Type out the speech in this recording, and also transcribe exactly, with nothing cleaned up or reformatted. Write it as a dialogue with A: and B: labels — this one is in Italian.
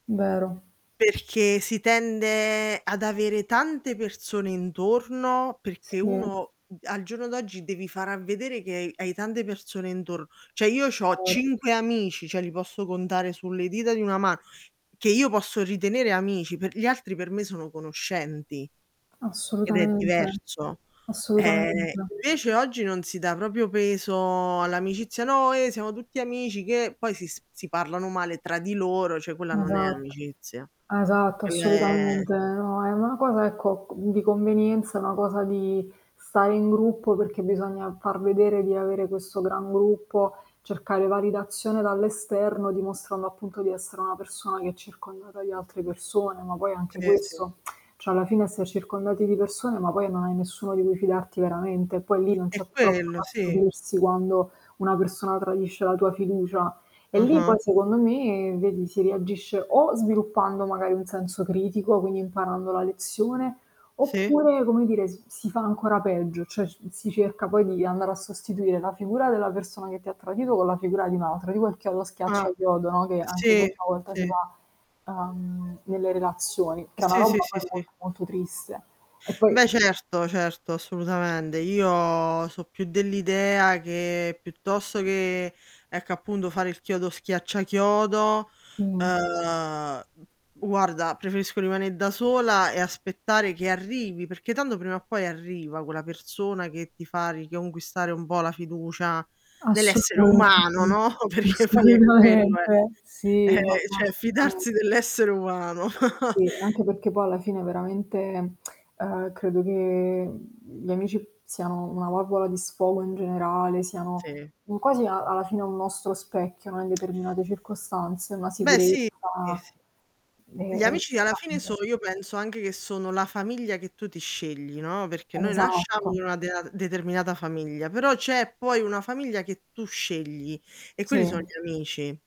A: Vero.
B: Perché si tende ad avere tante persone intorno, perché
A: Sì
B: uno al giorno d'oggi devi far a vedere che hai tante persone intorno cioè io c'ho
A: Vero.
B: cinque amici, ceh li posso contare sulle dita di una mano, che io posso ritenere amici, per gli altri per me sono conoscenti ed è
A: Assolutamente,
B: diverso. Eh,
A: assolutamente.
B: invece oggi non si dà propio peso all'amicizia: "No, eh, siamo tutti amici, che" poi si si parlano male tra di loro, ceh quella non è
A: Esatto.
B: amicizia.
A: Esatto,
B: Quella è
A: assolutamente. No, è una cosa ecco, di convenienza, è una cosa di stare in gruppo, perché bisogna far vedere di avere questo gran gruppo, cercare validazione dall'esterno, dimostrando appunto di essere una persona che è circondata di altre persone, ma poi anche
B: Sì, sì.
A: questo, cioè alla fine esser circondati di persone, ma poi non hai nessuno di cui fidarti veramente, e poi lì non
B: È
A: c'è troppo
B: quello,
A: da
B: sì.
A: stupirsi quando una persona tradisce la tua fiducia. E lì
B: Ah-ah.
A: poi, secondo me, vedi si reagisce o sviluppando magari un senso critico, quindi imparando la lezione,
B: Sì.
A: oppure, come dire, s si fa ancora peggio, cioè s si cerca poi di andare a sostituire la figura della persona che ti ha tradito con la figura di un'altra. Tipo il chiodo schiaccia
B: Ah,
A: chiodo, no, che anche
B: sì,
A: questa volta
B: sì.
A: si fa, uhm, nelle relazioni, che è una
B: Sì, sì,
A: roba
B: sì,
A: poi
B: sì.
A: molto molto triste. E poi
B: Beh certo, certo, assoludamende, io so' più dell'idea che piuttosto che ecco, appunto, fare il chiodo schiaccia chiodo,
A: Mh-mh.
B: ehm, guarda preferisco rimane' da sola e aspettare che arrivi, perché tanto prima o poi arriva quella persona che ti fa riconquistare un po' la fiducia nell'essere umano,
A: Assolutamente,
B: no. Perché poi è quello, eh.
A: assolutamente.
B: Ehm,
A: Si, ma ma
B: cioè
A: assolutamen
B: fidarsi dell'essere umano.
A: Sì, anche perché poi alla fine veramente, ehm, credo che gli amici siano una valvola di sfogo in generale, siano
B: Sì.
A: un quasi a alla fine un nostro specchio, no, in determinate circostanze, una
B: Beh
A: sicurezza
B: sì, sì.
A: e
B: Gli
A: è
B: amici alla fine so
A: importante.
B: io penso anche che sono la famiglia che tu ti scegli, no, perché noi nasciamo
A: Esatto.
B: in una dea determinata famiglia, però c'è poi una famiglia che tu scegli e quelli son
A: Sì.
B: gli amici.